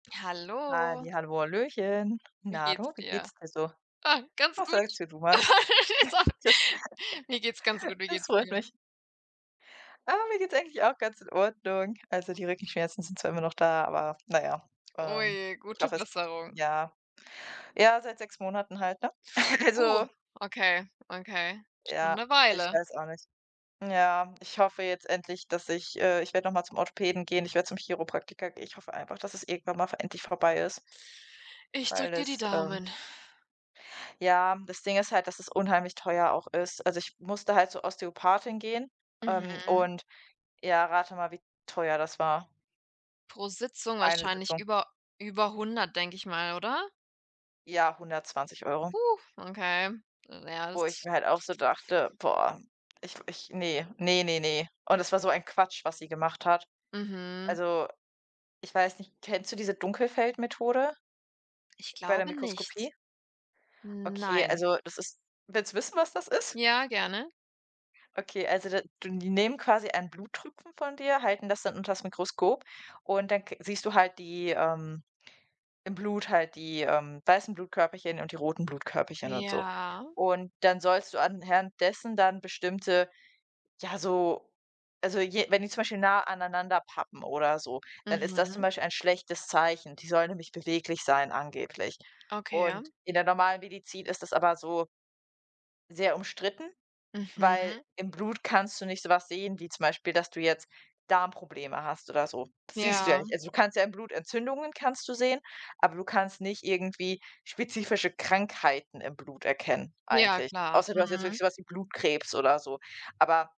Hallo. Hallihallo, hallöchen. Wie Na du, geht's wie dir? geht's dir so? Ah, ganz Was gut. sagst denn du mal? So. Das Mir geht's ganz gut. Wie das geht's freut dir? mich. Ah, mir geht's eigentlich auch ganz in Ordnung. Also die Rückenschmerzen sind zwar immer noch da, aber na ja. Oh Ähm, je, ich gute hoffe es Besserung. ja, ja seit 6 Monaten halt, ne? Oh, Also okay, okay, schon ja, 'ne ich Weile. weiß auch nicht. Ja, ich hoffe jetzt endlich, dass ich äh, ich werde noch mal zum Orthopäden gehen, ich werde zum Chiropraktiker gehen. Ich hoffe einfach, dass es irgendwann mal v endlich vorbei ist Ich drücke weil dir die es, ähm Daumen. Ja, das Ding ist halt, dass es unheimlich teuer auch ist. Also ich musste halt zur Ostheopathin gehen, ähm, Mhm. und ja, rate mal, wie teuer das war. Pro Sitzung Eine wahrscheinlich Sitzung. über über 100, denke ich mal, oder? Ja, 120€. Okay, ja Wo ich das mir halt auch so dachte: „Boah, ich ich ne. Ne, ne, ne.“ Und es war so ein Quatsch, was sie gemacht hat. Mhm. Also ich weiß nicht kennst du diese Dunkelfeld-Methode Ich bei der glaube Mikroskopie? nicht, Okay, nein. also das ist willst du wissen, was das ist? Ja, gerne. Okay, also da du die nehmen quasi einen Bluttropfen von dir, halten das dann unters Mikroskop und dann k siehst du halt die, ähm im Blut halt die, ähm, weißen Blutkörperchen und die roten Blutkörperchen und so. Ja. Und dann sollst du anhand dessen dann bestimmte, ja, so also je wenn die zum Beispiel nahe aneinander pappen oder so, dann ist das zum Mhm. Beispiel ein schlechtes Zeichen. Die sollen nämlich beweglich sein angeblich. Okay, Und ja. in der normalen Medizin ist das aber so sehr umstritten, weil Mhm. im Blut kannst du nicht so was sehen, wie zum Beispiel, dass du jetzt Darmprobleme hast oder so. Das siehst du ja Ja. nicht. Also du kannst ja im Blut Entzündungen kannst du sehen, aber du kannst nicht irgendwie spezifische Krankheiten im Blut erkennen, Ja, eigentlich. klar, Außer du hast jetzt wirklich mhm. so was wie Blutkrebs oder so. Aber